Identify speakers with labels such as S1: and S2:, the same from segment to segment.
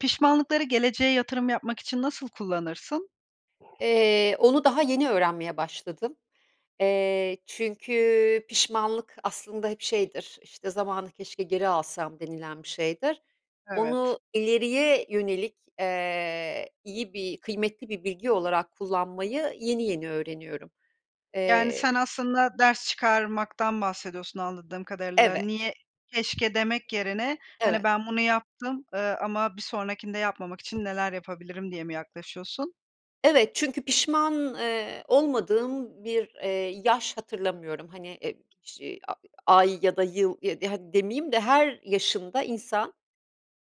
S1: Pişmanlıkları geleceğe yatırım yapmak için nasıl kullanırsın?
S2: Eee, onu daha yeni öğrenmeye başladım, eee, çünkü pişmanlık aslında hep şeydir, işte zamanı keşke geri alsam denilen bir şeydir.
S1: Evet.
S2: Onu ileriye yönelik, eee, iyi bir, kıymetli bir bilgi olarak kullanmayı yeni yeni öğreniyorum.
S1: Yani
S2: Eee
S1: sen aslında ders çıkarmaktan bahsediyorsun anladığım kadarıyla.
S2: Evet.
S1: Niye, keşke demek yerine hani
S2: Evet.
S1: ben bunu yaptım, eee, ama bir sonrakinde yapmamak için neler yapabilirim diye mi yaklaşıyorsun?
S2: Evet çünkü pişman, eee, olmadığım bir, eee, yaş hatırlamıyorum. Hani e ş a ay ya da yıl e di hadi demeyeyim de her yaşında insan,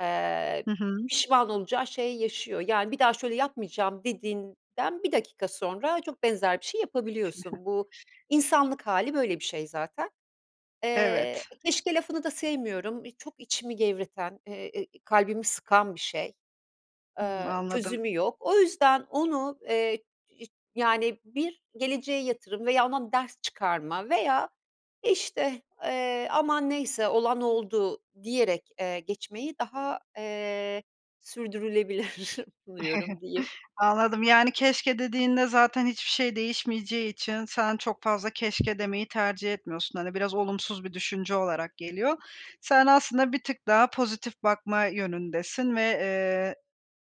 S2: eee,
S1: Hı hı.
S2: pişman olacağı şeyi yaşıyor. Yani bir daha şöyle yapmayacağım dediğinden 1 dakika sonra çok benzer bir şey yapabiliyorsun. Bu insanlık hâli böyle bir şey zaten.
S1: Evet.
S2: Eee, keşke lafını da sevmiyorum. Eee, çok içimi gevreten, e e kalbimi sıkan bir şey.
S1: Hı.
S2: Eee,
S1: Anladım.
S2: çözümü yok. O yüzden onu, eee, iş yani bir geleceğe yatırım veya ondan ders çıkarma veya işte, eee, aman neyse olan oldu diyerek, eee, geçmeyi daha, eee, sürdürülebilir buluyorum diyeyim.
S1: Anladım yani keşke dediğinde zaten hiçbir şey değişmeyeceği için sen çok fazla keşke demeyi tercih etmiyorsun, hani biraz olumsuz bir düşünce olarak geliyor. Sen aslında bir tık daha pozitif bakma yönündesin ve, eee,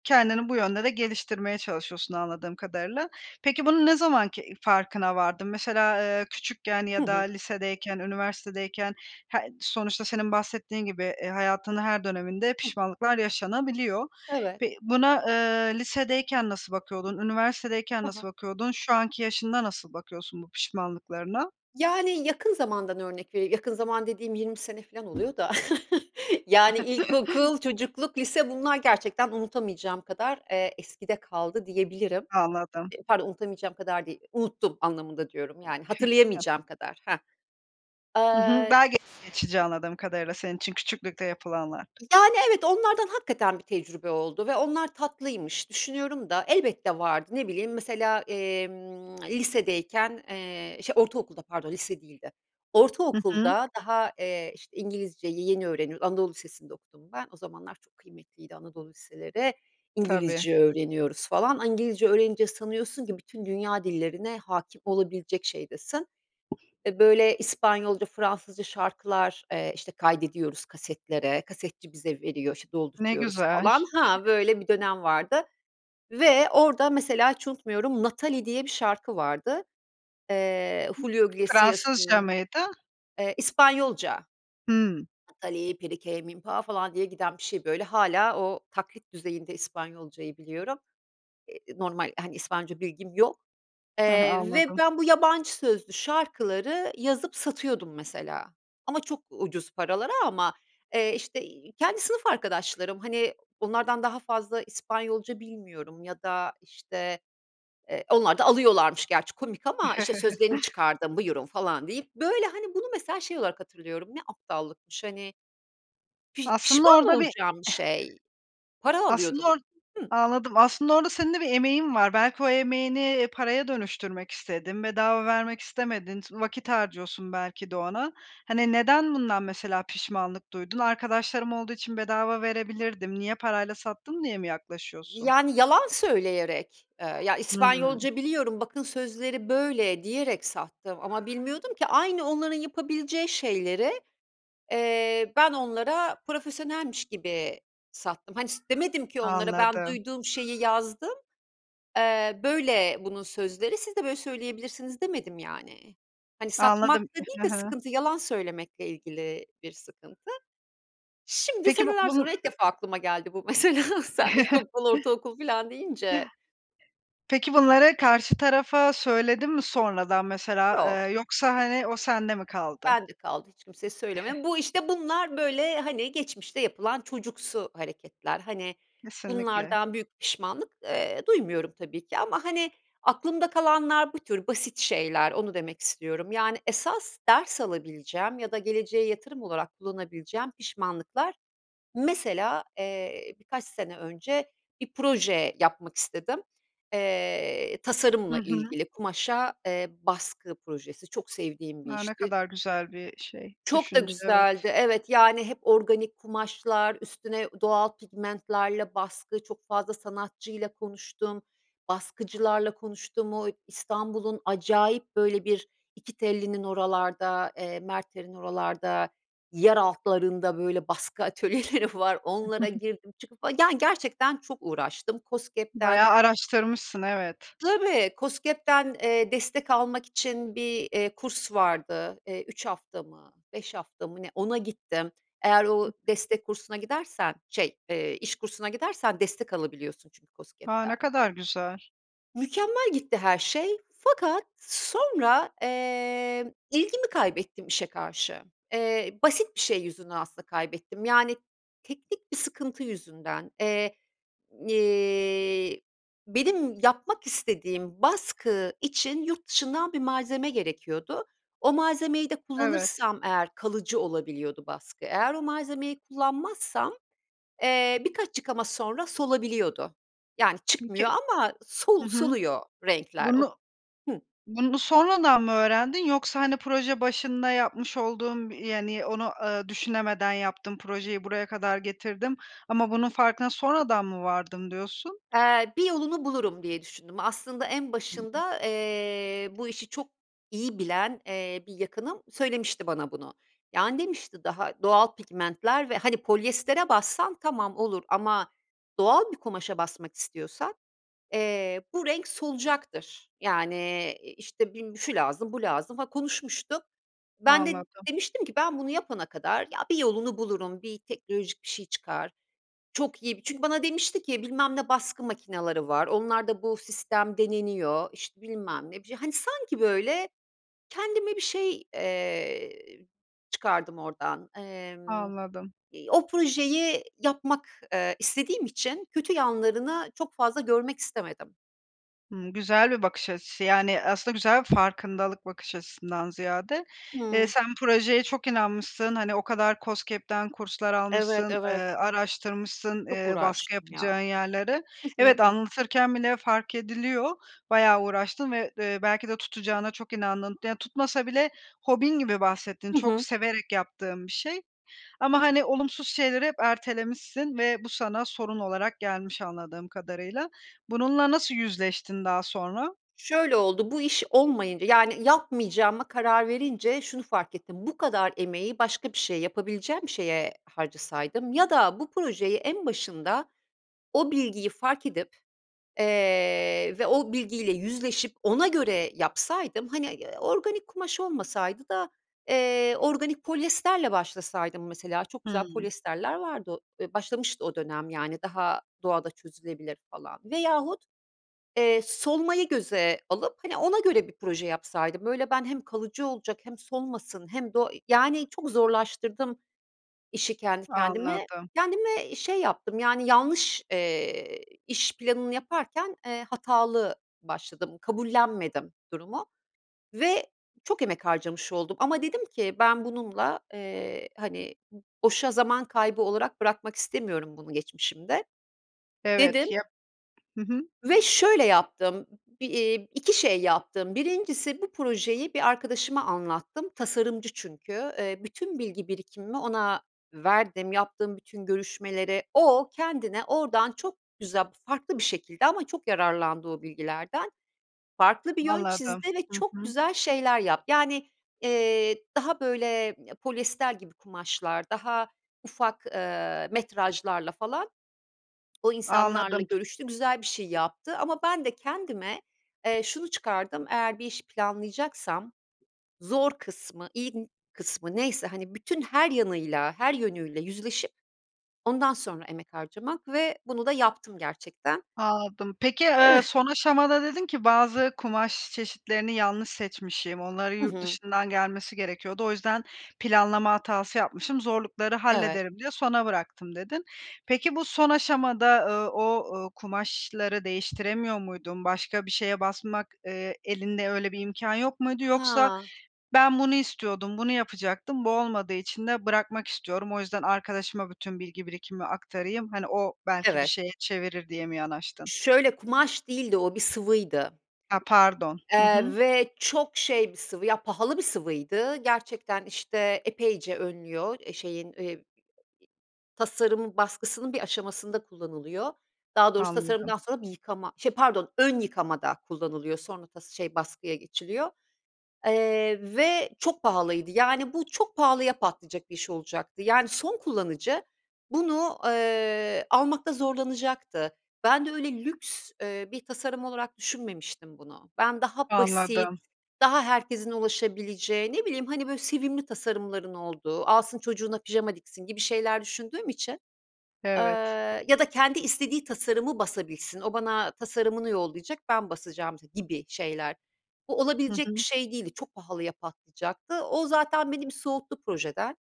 S1: kendini bu yönde de geliştirmeye çalışıyorsun anladığım kadarıyla. Peki bunu ne zaman ki farkına vardın? Mesela, eee, küçükken
S2: Hı
S1: ya da
S2: hı.
S1: lisedeyken, üniversitedeyken he sonuçta senin bahsettiğin gibi, eee, hayatının her döneminde
S2: Hı hı.
S1: pişmanlıklar yaşanabiliyor.
S2: Evet.
S1: Pe buna, eee, lisedeyken nasıl bakıyordun, üniversitedeyken
S2: Ha ha.
S1: nasıl bakıyordun, şu anki yaşında nasıl bakıyorsun bu pişmanlıklarına?
S2: Yani yakın zamandan örnek vereyim yakın zaman dediğim 20 sene filan oluyor da yani ilkokul, çocukluk, lise bunlar gerçekten unutamayacağım kadar, eee, eskide kaldı diyebilirim.
S1: Anladım.
S2: E pardon unutamayacağım kadar değil. Unuttum anlamında diyorum yani
S1: [unintelligible]
S2: hatırlayamayacağım kadar, hah.
S1: Hı hı. B
S2: Eee
S1: [unintelligible] geçici anladığım kadarıyla senin için küçüklükte yapılanlar.
S2: Yani evet onlardan hakikaten bir tecrübe oldu ve onlar tatlıymış düşünüyorum da elbette vardı. Ne bileyim mesela, emm, lisedeyken, eee, şe ortaokulda pardon lise değildi.
S1: Hı hı.
S2: Ortaokulda daha, eee, işte İngilizceyi yeni öğreniyoruz, anadolu lisesinde okudum ben, o zamanlar çok kıymetliydi anadolu liseleri,
S1: Tabii.
S2: İngilizce öğreniyoruz falan. A İngilizce öğrenince sanıyorsun ki bütün dünya dillerine hâkim olabilecek şeydesin. Eee, böyle İspanyolca, Fransızca şarkılar, eee, işte kaydediyoruz kasetlere. Kasetçi bize veriyor, işte
S1: Ne
S2: doldurtuyoruz
S1: güzel.
S2: falan. Ha böyle bir dönem vardı ve orada mesela hiç unutmuyorum 'Nathalie' diye bir şarkı vardı. Eee, Julio
S1: Fransızca
S2: Iglesias'ının,
S1: mıydı?
S2: eee, İspanyolca.
S1: Hı.
S2: "Nathalie perike minpa" falan diye giden bir şey böyle. Hâlâ o taklit düzeyinde İspanyolcayı biliyorum. Eee, normal hani İspanyolca bilgim yok,
S1: Heh,
S2: eee, ve
S1: anladım.
S2: ben bu yabancı sözlü şarkıları yazıp satıyordum mesela. Ama çok ucuz paralara ama, eee, işte, iii, kendi sınıf arkadaşlarım hani onlardan daha fazla İspanyolca bilmiyorum ya da işte, eee, onlar da alıyorlarmış gerçi komik ama işte sözlerini çıkardım buyurun falan deyip böyle hani bunu mesela şey olarak hatırlıyorum ne aptallıkmış hani pij
S1: Aslında
S2: pişman
S1: orada bir
S2: olacağım bir şey. Para
S1: Aslında
S2: alıyordum.
S1: or
S2: Hı
S1: anladım. Aslında orada senin de bir emeğin var. Belki o emeğini, eee, paraya dönüştürmek istedin, bedava vermek istemedin, s vakit harcıyorsun belki de ona. Hani neden bundan mesela pişmanlık duydun? "Arkadaşlarım olduğu için bedava verebilirdim, niye parayla sattım?" diye mi yaklaşıyorsun?
S2: Yani yalan söyleyerek, eee, ya
S1: Hıı.
S2: İspanyolca biliyorum bakın sözleri böyle diyerek sattım ama bilmiyordum ki aynı onların yapabileceği şeyleri, eee, ben onlara profesyonelmiş gibi sattım. Hani s demedim ki onlara ben
S1: Anladım.
S2: duyduğum şeyi yazdım, eee, böyle bunun sözleri, siz de böyle söyleyebilirsiniz demedim yani. Hani
S1: Anladım.
S2: satmakta değil
S1: E Ha
S2: de
S1: ha.
S2: sıkıntı yalan söylemekle ilgili bir sıkıntı. Şimdi
S1: Peki bu
S2: seneler
S1: bunu
S2: sonra ilk defa aklıma geldi bu mesela sen ilkokul, ortaokul filan deyince.
S1: Peki bunları karşı tarafa söyledin mi sonradan mesela,
S2: Yok.
S1: eee, yoksa hani o sende mi kaldı?
S2: Bende kaldı hiç kimseye söylemedim. Bu işte bunlar böyle hani geçmişte yapılan çocuksu hareketler. Hani
S1: Kesinlikle.
S2: bunlardan büyük pişmanlık, eee, duymuyorum tabii ki ama hani aklımda kalanlar bu tür basit şeyler. Onu demek istiyorum. Yani esas ders alabileceğim ya da geleceğe yatırım olarak kullanabileceğim pişmanlıklar mesela, eee, birkaç sene önce bir proje yapmak istedim. Eee,
S1: Hı
S2: tasarımla
S1: hı.
S2: ilgili kumaşa, eee, baskı projesi. Çok sevdiğim bir
S1: A! Ne
S2: işti
S1: kadar güzel bir şey,
S2: çok da
S1: düşünce, evet.
S2: güzeldi. Evet, yani hep organik kumaşlar üstüne ü doğal pigmentlerle baskı. Çok fazla sanatçıyla konuştum, baskıcılarla konuştum, o İstanbul'un acayip böyle bir İkitelli'nin oralarda, eee, Merter'in oralarda yer altlarında böyle baskı atölyeleri var. Onlara girdim çıkıp fa yani gerçekten çok uğraştım. KOSGEB'den
S1: Bayağı araştırmışsın, evet.
S2: Tabii, KOSGEB'den, eee, destek almak için bir, eee, kurs vardı. Eee, 3 hafta mı 5 hafta mı ne ona gittim. Eğer o destek kursuna gidersen şey, eee, iş kursuna gidersen destek alabiliyorsun çünkü
S1: A!
S2: KOSGEB'den.
S1: Ne kadar güzel.
S2: Mükemmel gitti her şey fakat sonra, eee, ilgimi kaybettim işe karşı. Eee, basit bir şey yüzünden aslında kaybettim, yani teknik bir sıkıntı yüzünden. Eee, iii, benim yapmak istediğim baskı için yurt dışından bir malzeme gerekiyordu. O malzemeyi de
S1: Evet.
S2: kullanırsam eğer kalıcı olabiliyordu baskı. Eğer o malzemeyi kullanmazsam, eee, birkaç yıkama sonra solabiliyordu. Yani
S1: Peki
S2: çıkmıyor ama
S1: Hı
S2: sol
S1: hı.
S2: soluyor renkler o
S1: Bunu
S2: hıı.
S1: bunu sonradan mı öğrendin? Yoksa, hani, proje başında yapmış olduğun, yani onu, ııı, düşünemeden yaptım, projeyi buraya kadar getirdim ama bunun farkına sonradan mı vardım, diyorsun?
S2: Eee, bir yolunu bulurum diye düşündüm. Aslında en
S1: [unintelligible]
S2: başında, eee, bu işi çok iyi bilen, eee, bir yakınım söylemişti bana bunu. Yani demişti daha doğal pigmentler ve, hani, polyestere bassan tamam olur ama doğal bir kumaşa basmak istiyorsan, eee, bu renk solacaktır. Yani, eee, i işte bi şu lazım bu lazım, ha, konuşmuştuk. Ben de
S1: Anladım.
S2: demiştim ki ben bunu yapana kadar ya bir yolunu bulurum, bir teknolojik bir şey çıkar, çok iyi bir çünkü bana demişti ki bilmem ne baskı makinaları var, onlarda bu sistem deneniyor, işte bilmem ne, bir şey... Hani, sanki, böyle, kendime bir şey, eee, çıkardım ordan. Emm,
S1: Anladım.
S2: iii, o projeyi yapmak, eee, istediğim için kötü yanlarını çok fazla görmek istemedim.
S1: Hımm, güzel bir bakış açısı. Yani, eee, aslında güzel farkındalık bakış açısından ziyade. Eee,
S2: Hıı.
S1: sen projeye çok inanmışsın, hani, o kadar KOSGEB'den kurslar
S2: Evet,
S1: almışsın, eee,
S2: evet.
S1: araştırmışsın,
S2: Çok
S1: eee, baskı
S2: uğraştım ya.
S1: yapacağın yerleri.
S2: Hı
S1: Evet,
S2: hı.
S1: anlatırken bile fark ediliyor bayağı uğraştığın ve, eee, belki de tutacağına çok inandığın Yani, tutmasa bile hobin gibi bahsettin,
S2: Hı
S1: çok
S2: hı.
S1: severek yaptığın bir şey. Ama, hani, olumsuz şeyleri hep ertelemişsin ve bu sana sorun olarak gelmiş anladığım kadarıyla. Bununla nasıl yüzleştin daha sonra?
S2: Şöyle oldu; bu iş olmayınca, yani, yapmayacağıma karar verince şunu fark ettim: Bu kadar emeği başka bir şeye yapabileceğim şeye harcasaydım ya da bu projeyi en başında o bilgiyi fark edip, eee, ve o bilgiyle yüzleşip ona göre yapsaydım. Hani, eee, organik kumaş olmasaydı da, eee, organik polyesterle başlasaydım mesela çok güzel
S1: Hımm.
S2: polyesterler vardı o eee, başlamıştı o dönem, yani, daha doğada çözülebilir falan. Veyahut, eee, solmayı göze alıp, hani, ona göre bir proje yapsaydım. Böyle ben, hem kalıcı olacak, hem solmasın hem de o eee, yani, çok zorlaştırdım işi kendi kendime.
S1: Anladım.
S2: Kendime şey yaptım, yani yanlış, eee, iş planını yaparken, eee, hatalı başladım. Kabullenmedim durumu ve çok emek harcamış oldum ama dedim ki "Ben bununla eee, hani, boşa zaman kaybı olarak bırakmak istemiyorum bunu geçmişimde." Dedim
S1: Evet. Ya Hı hı.
S2: ve şöyle yaptım: Bi iii, 2 şey yaptım. 1'incisi bu projeyi bir arkadaşıma anlattım, tasarımcı çünkü. Eee, bütün bilgi birikimimi ona verdim. Yaptığım bütün görüşmeleri o, kendine oradan çok güzel, farklı bir şekilde ama çok yararlandı o bilgilerden. Farklı bir yön
S1: Anladım.
S2: çizdi ve
S1: Hı
S2: çok
S1: hı.
S2: güzel şeyler yap Yani, eee, daha, böyle, ya polyester gibi kumaşlar, daha ufak, eee, metrajlarla falan. O, insanlarla
S1: Anladım.
S2: görüştü, güzel bir şey yaptı ama ben de kendime, eee, şunu çıkardım: Eğer bir işi planlayacaksam zor kısmı, [unintelligible] kısmı, neyse, hani, bütün her yanıyla, her yönüyle yüzleşip ondan sonra emek harcamak ve bunu da yaptım gerçekten.
S1: Anladım. Peki, eee,
S2: Eve
S1: son aşamada dedin ki, "Bazı kumaş çeşitlerini yanlış seçmişim, onların
S2: Hı
S1: yurt
S2: hı.
S1: dışından gelmesi gerekiyordu. O yüzden planlama hatası yapmışım, zorlukları
S2: Evet.
S1: hallederim diye sona bıraktım." dedin. Peki, bu son aşamada, ııı, o, ııı, kumaşları değiştiremiyor muydun? Başka bir şeye basmak, eee, elinde öyle bir imkân yok muydu? Yoksa
S2: Ha.
S1: ben bunu istiyordum, bunu yapacaktım bu olmadığı için de bırakmak istiyorum. O yüzden arkadaşıma bütün bilgi birikimimi aktarayım, hani, o belki bir
S2: Evet.
S1: şeye çevirir diye mi yanaştın?
S2: Şöyle, kumaş değildi o, bir sıvıydı.
S1: A, pardon. Hı
S2: Eee,
S1: hı.
S2: ve çok şey bir sıvı, ya, pahalı bir sıvıydı. Gerçekten, işte, epeyce önlüyor. Eee, şeyin, eee, tasarım baskısının bir aşamasında kullanılıyor. Daha doğrusu
S1: Anladım.
S2: tasarımdan sonra bir yıkama, şey, pardon ön yıkamada kullanılıyor sonra tas şey, baskıya geçiliyor, eee, ve çok pahalıydı. Yani, bu çok pahalıya patlayacak bir iş olacaktı. Yani, son kullanıcı bunu, eee, almakta zorlanacaktı. Ben de öyle lüks, eee, bir tasarım olarak düşünmemiştim bunu. Ben, daha basit,
S1: Anladım.
S2: daha herkesin ulaşabileceği, ne bileyim, hani, böyle sevimli tasarımların olduğu, alsın, çocuğuna pijama diksin gibi şeyler düşündüğüm için, eee,
S1: Evet.
S2: ya da kendi istediği tasarımı basabilsin. O, bana tasarımını yollayacak, ben basacağım gibi şeyler. Bu,
S1: Hı
S2: olabilecek bir
S1: hı.
S2: şey değildi, çok pahalıya patlayacaktı. O, zaten beni bir soğuttu projeden.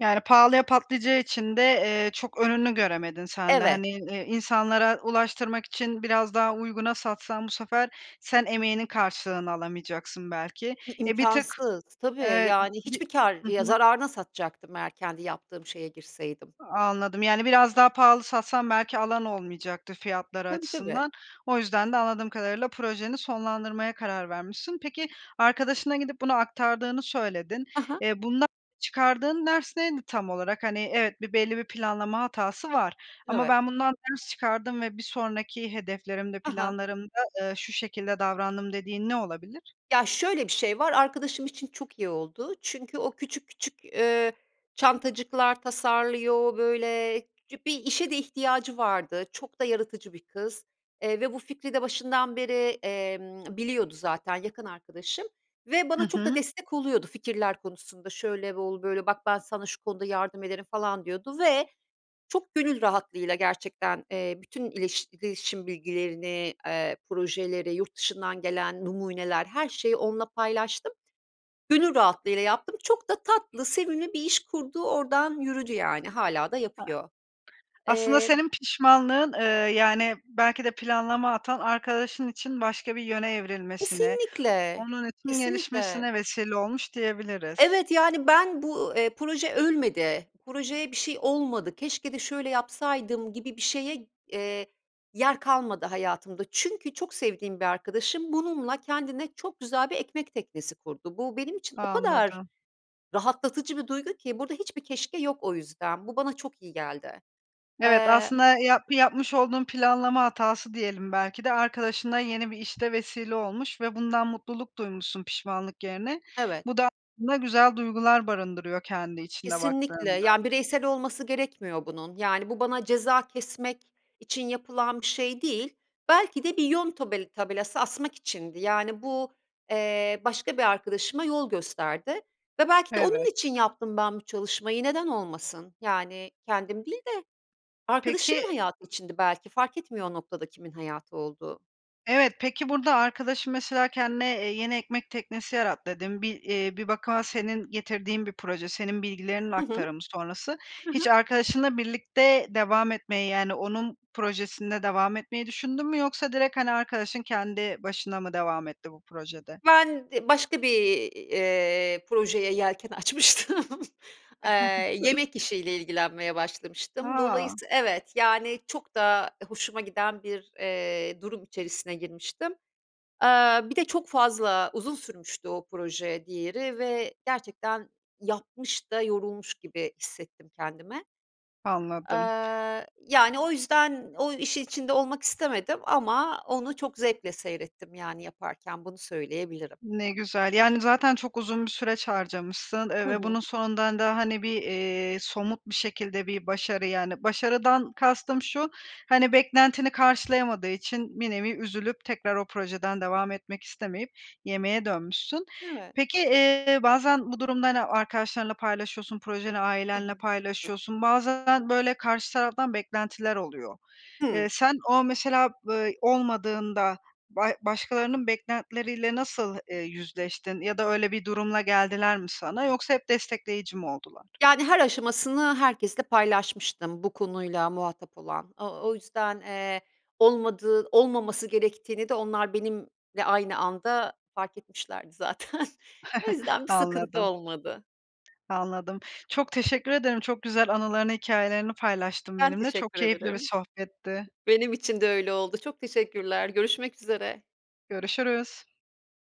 S1: Yani, pahalıya patlayacağı için de, eee, çok önünü göremedin sen de.
S2: Evet.
S1: Hani, i insanlara ulaştırmak için biraz daha uyguna satsan bu sefer sen emeğinin karşılığını alamayacaksın belki.
S2: İ
S1: E, bir tık
S2: imkânsız. Tabii.
S1: Evet.
S2: Yani,
S1: Bi
S2: hiçbir kâr
S1: Hı
S2: ya
S1: hı.
S2: zararına satacaktım eğer kendi yaptığım şeye girseydim.
S1: Anladım. Yani, biraz daha pahalı satsan belki alan olmayacaktı fiyatları
S2: Tabii, tabii.
S1: açısından. O yüzden de anladığım kadarıyla projeni sonlandırmaya karar vermişsin. Peki, arkadaşına gidip bunu aktardığını söyledin.
S2: I hı.
S1: Eee, bundan çıkardığın ders neydi tam olarak? Hani, evet, bir belli bir planlama hatası var. Ama
S2: Evet.
S1: ben bundan ders çıkardım ve bir sonraki hedeflerimde,
S2: Ha ha.
S1: planlarımda, eee, şu şekilde davrandım dediğin ne olabilir?
S2: Ya, şöyle bir şey var: Arkadaşım için çok iyi oldu çünkü o küçük küçük, eee, çantacıklar tasarlıyor böyle. [unintelligible] Bir işe de ihtiyacı vardı. Çok da yaratıcı bir kız, eee, ve bu fikri de başından beri, emm, biliyordu zaten, yakın arkadaşım ve
S1: Hı
S2: bana çok da
S1: hı.
S2: destek oluyordu fikirler konusunda. Şöyle ol böyle, bak ben sana bu konuda yardım ederim falan diyordu. Ve çok gönül rahatlığıyla gerçekten, eee, bütün ileş iletişim bilgilerini, eee, projeleri, yurt dışından gelen numuneler, her şeyi onunla paylaştım. Gönül rahatlığıyla yaptım. Çok da tatlı, sevimli bir iş kurdu. Oradan yürüdü yani. Hâlâ da
S1: A
S2: yapıyor.
S1: aslında
S2: Eee
S1: senin pişmanlığın, ııı, yani, belki de planlama hatan arkadaşın için başka bir yöne evrilmesine,
S2: Kesinlikle,
S1: onun için
S2: kesinlikle.
S1: gelişmesine vesile olmuş, diyebiliriz.
S2: Evet, yani, ben bu, eee, proje ölmedi, projeye bir şey olmadı, "Keşke de şöyle yapsaydım." gibi bir şeye, eee, yer kalmadı hayatımda. Çünkü çok sevdiğim bir arkadaşım bununla kendine çok güzel bir ekmek teknesi kurdu. Bu benim için o kadar
S1: Anladım.
S2: rahatlatıcı bir duygu ki burada hiçbir "keşke" yok o yüzden. Bu bana çok iyi geldi.
S1: Evet.
S2: Eee
S1: Aslında yap yapmış olduğun planlama hatası diyelim, belki de arkadaşına yeni bir işte vesile olmuş ve bundan mutluluk duymuşsun pişmanlık yerine.
S2: Evet.
S1: Bu da aslında güzel duygular barındırıyor kendi içinde
S2: Kesinlikle.
S1: baktığında.
S2: Yani, bireysel olması gerekmiyor bunun. Yani, bu bana ceza kesmek için yapılan bir şey değil. Belki de bir yön tobel tabelası asmak içindi. Yani, bu, eee, başka bir arkadaşıma yol gösterdi ve belki de onun
S1: Evet.
S2: için yaptım ben bu çalışmayı. Neden olmasın? Yani, kendim değil de
S1: Peki
S2: arkadaşımın hayatı içindi belki. Fark etmiyor o noktada kimin hayatı olduğu.
S1: Evet. Peki, burada arkadaşın, mesela, kendine, eee, yeni ekmek teknesi yarattı, dedin. Bi eee, bir bakıma senin getirdiğin bir proje, senin bilgilerinin
S2: Hı hı.
S1: aktarımı sonrası.
S2: Hı
S1: Hiç
S2: hı.
S1: arkadaşınla birlikte devam etmeyi, yani, onun projesinde devam etmeyi düşündün mü? Yoksa direkt, hani, arkadaşın kendi başına mı devam etti bu projede?
S2: Ben d başka bir, eee, projeye yelken açmıştım. Eee, yemek işiyle ilgilenmeye başlamıştım.
S1: A!
S2: Dolayısı Evet. Yani, çok da hoşuma giden bir, eee, durum içerisine girmiştim. Eee, bir de çok fazla, uzun sürmüştü o proje, diğeri ve gerçekten yapmış da yorulmuş gibi hissettim kendimi.
S1: Anladım.
S2: Eee, yani, o yüzden o işin içinde olmak istemedim ama onu çok zevkle seyrettim yani, yaparken, bunu söyleyebilirim.
S1: Ne güzel. Yani, zaten çok uzun bir süreç harcamışsın, eee,
S2: Hı
S1: ve
S2: hı.
S1: bunun sonunda da, hani, bir, eee, somut bir şekilde bir başarı yani, başarıdan kastım şu: Hani, beklentini karşılayamadığı için bir nevi üzülüp tekrar o projeden devam etmek istemeyip yemeğe dönmüşsün.
S2: Evet.
S1: Peki, eee, bazen bu durumda, hani, arkadaşlarınla paylaşıyorsun, projeni
S2: Hı
S1: ailenle
S2: hı.
S1: paylaşıyorsun, bazen böyle karşı taraftan beklentiler oluyor. Eee,
S2: Hıı.
S1: sen o, mesela, b olmadığında ba başkalarının beklentileriyle nasıl, eee, yüzleştin ya da öyle bir durumla geldiler mi sana? Yoksa hep destekleyici mi oldular?
S2: Yani, her aşamasını herkesle paylaşmıştım bu konuyla muhatap olan. O o yüzden, eee, olmadığı olmaması gerektiğini de onlar benimle aynı anda fark etmişlerdi zaten. O yüzden bir sıkıntı
S1: Anladım.
S2: olmadı.
S1: Anladım. Çok teşekkür ederim. Çok güzel anılarını hikâyelerini paylaştın
S2: Ben
S1: benimle. Çok
S2: teşekkür
S1: keyifli bir
S2: ederim.
S1: sohbetti.
S2: Benim için de öyle oldu. Çok teşekkürler görüşmek üzere.
S1: Görüşürüz.